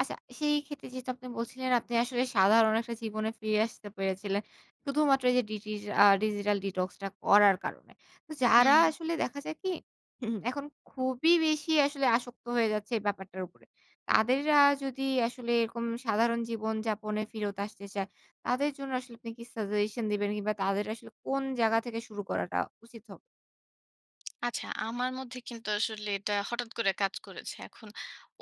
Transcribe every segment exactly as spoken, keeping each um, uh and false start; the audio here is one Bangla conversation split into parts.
আচ্ছা, সেই ক্ষেত্রে যেহেতু আপনি বলছিলেন, আপনি আসলে সাধারণ একটা জীবনে ফিরে আসতে পেরেছিলেন, শুধুমাত্র এই ডিজি আ digital detox টা করার কারণে। তো হুম, যারা হুম। আসলে, দেখা যায় কি, এখন খুবই বেশি আসলে আসক্ত হয়ে যাচ্ছে এই ব্যাপারটার উপরে, তাদেররা যদি আসলে এরকম সাধারণ জীবনযাপনে ফিরত আসতে চায়, তাদের জন্য আসলে আপনি কি suggestion দিবেন, কিংবা তাদের আসলে কোন জায়গা থেকে শুরু করাটা উচিত হবে? আচ্ছা, আমার মধ্যে কিন্তু আসলে এটা হঠাৎ করে কাজ করেছে। এখন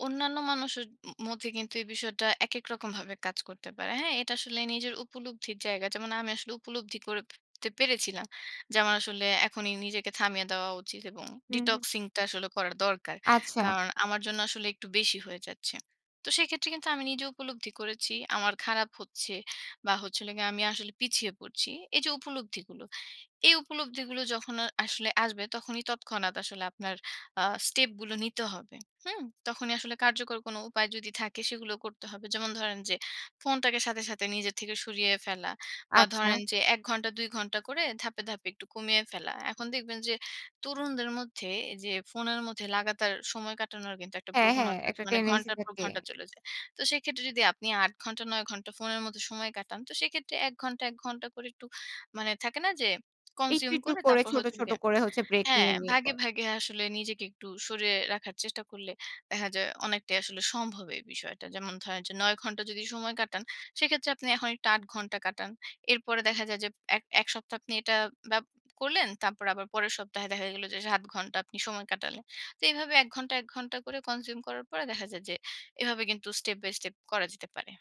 অন্যান্য মানুষের ম মধ্যে কিন্তু এই বিষয়টা একেক রকমভাবে কাজ করতে পারে। হ্যাঁ? এটা আসলে নিজের উপলব্ধির জায়গা, যেমন আমি আসলে উপলব্ধি করে তে পেরেছিলাম। যে আমার আসলে এখনই নিজেকে থামিয়ে দেওয়া উচিত এবং হুম, হুম। detoxing টা আসলে করার দরকার। আচ্ছা। কারণ, আমার জন্য আসলে একটু বেশি হয়ে যাচ্ছে। তো সেক্ষেত্রে কিন্তু আমি নিজে উপলব্ধি করেছি। আমার খারাপ হচ্ছে, বা হচ্ছিল গিয়ে আমি আসলে পিছিয়ে পড়ছি। এই যে উপলব্ধিগুলো, এই উপলব্ধিগুলো যখন আ আসলে আসবে, তখনই তৎক্ষণাৎ আসলে আপনার আ স্টেপ গুলো নিতে হবে। হুম? তখনই আসলে কার্যকর কোনো উপায় যদি থাকে, সেগুলো করতে হবে। যেমন ধরেন যে, ফোনটাকে সাথে, সাথে নিজের থেকে সরিয়ে ফেলা, বা ধরেন আচ্ছা। যে এক ঘণ্টা, দুই ঘণ্টা করে ধাপ্‌ ধাপে একটু কমিয়ে ফেলা। এখন দেখবেন যে তরুণদের মধ্যে যে ফোনের মধ্যে লাগাতার সময় কাটানোর কিন্তু একটা হ্যাঁ, হ্যাঁ প্রবণতা আছে। একটা মানে tendency ঘন্টার পর থাকে। ঘন্টা চলে যায়। তো সেক্ষেত্রে যদি আপনি আট ঘন্টা, নয় ঘন্টা ফোনের মদ্ধে সময় কাটান, তো সেক্ষেত্রে এক ঘণ্টা, এক ঘণ্টা করে একটু, মানে থাকে না যে একটু, consume একটু করে করে, তারপর ছোট, হচ্ছে হলো ছোট গিয়ে, করে হচ্ছে ব্রেক হ্যাঁ, নিয়ে, নিয়ে ভাগে, করা। ভাগে আসলে নিজেকে একটু সরিয়ে রাখার চেষ্টা করলে দেখা যায় অনেকটাই আসলে সম্ভব এই বিষয়টা। যেমন ধরেন যে নয় ঘন্টা যদি সময় কাটান, সেক্ষেত্রে আপনি এখন একটু আট ঘণ্টা কাটান। এরপরে দেখা যায় যে এক এক সপ্তাহ আপনি বাপ করলেন। তারপর আবার পরের সপ্তাহে দেখা গেল যে সাত ঘন্টা আপনি সময় কাটালেন। তো এভাবে এক ঘণ্টা, এক ঘণ্টা করে consume করার পরে দেখা যায় যে এভাবে কিন্তু step by step করা যেতে পারে।